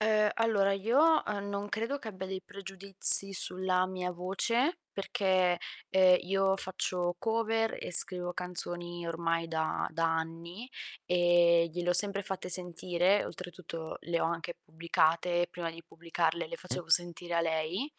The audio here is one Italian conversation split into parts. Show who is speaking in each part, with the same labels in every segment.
Speaker 1: Uhm, allora io, uhm, non credo che abbia dei pregiudizi sulla mia voce, perché, ehm, io faccio cover e scrivo canzoni ormai da da anni, ehm, gliel'ho sempre fatte sentire, oltretutto le ho anche pubblicate, prima di pubblicarle le
Speaker 2: Eh.
Speaker 1: facevo sentire a lei,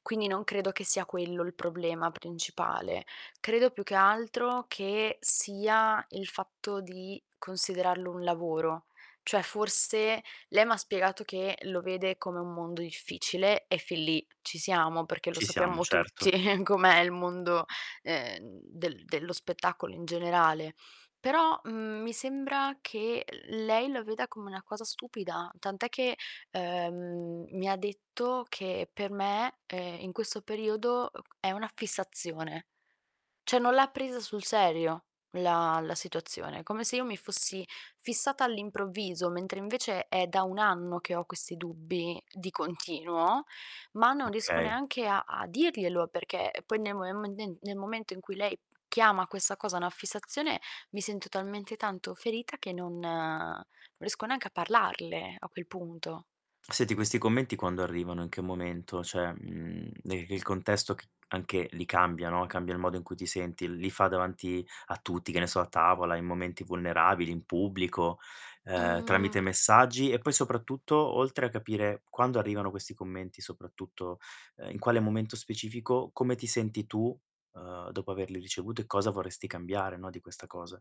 Speaker 1: quindi non credo che sia quello il problema principale. Credo più che altro che sia il fatto di considerarlo un lavoro. Cioè forse, lei m'ha spiegato che lo vede come un mondo difficile e fin lì ci siamo, perché lo
Speaker 2: Ci siamo,
Speaker 1: sappiamo
Speaker 2: certo.
Speaker 1: tutti com'è il mondo, ehm, del dello spettacolo in generale. Però, mhmm, mi sembra che lei la veda come una cosa stupida, tant'è che, ehm, mi ha detto che per me, ehm, in questo periodo [unintelligible] è una fissazione. Cioè non l'ha presa sul serio la la situazione, come se io mi fossi fissata all'improvviso, mentre invece è da 1 anno che ho questi dubbi di continuo, ma non riesco
Speaker 2: Okay.
Speaker 1: neanche a a dirglielo, perché, ehm, poi [unintelligible] nel momento in cui lei chiama questa cosa una fissazione, mi sento talmente tanto ferita che non non riesco neanche a parlarle a quel punto.
Speaker 2: Senti questi commenti quando arrivano, in che momento? Cioè, mhmm, de il contesto c anche lì cambia, no, cambia il modo in cui ti senti, li fa davanti a tutti, che ne so, a tavola, in momenti vulnerabili, in pubblico, uhm,
Speaker 1: Mhmm
Speaker 2: tramite messaggi? E poi soprattutto, oltre a capire quando arrivano questi commenti, soprattutto, uhm, in quale momento specifico, come ti senti tu, uhm, dopo averli ricevuti e cosa vorresti cambiare, no, di questa cosa?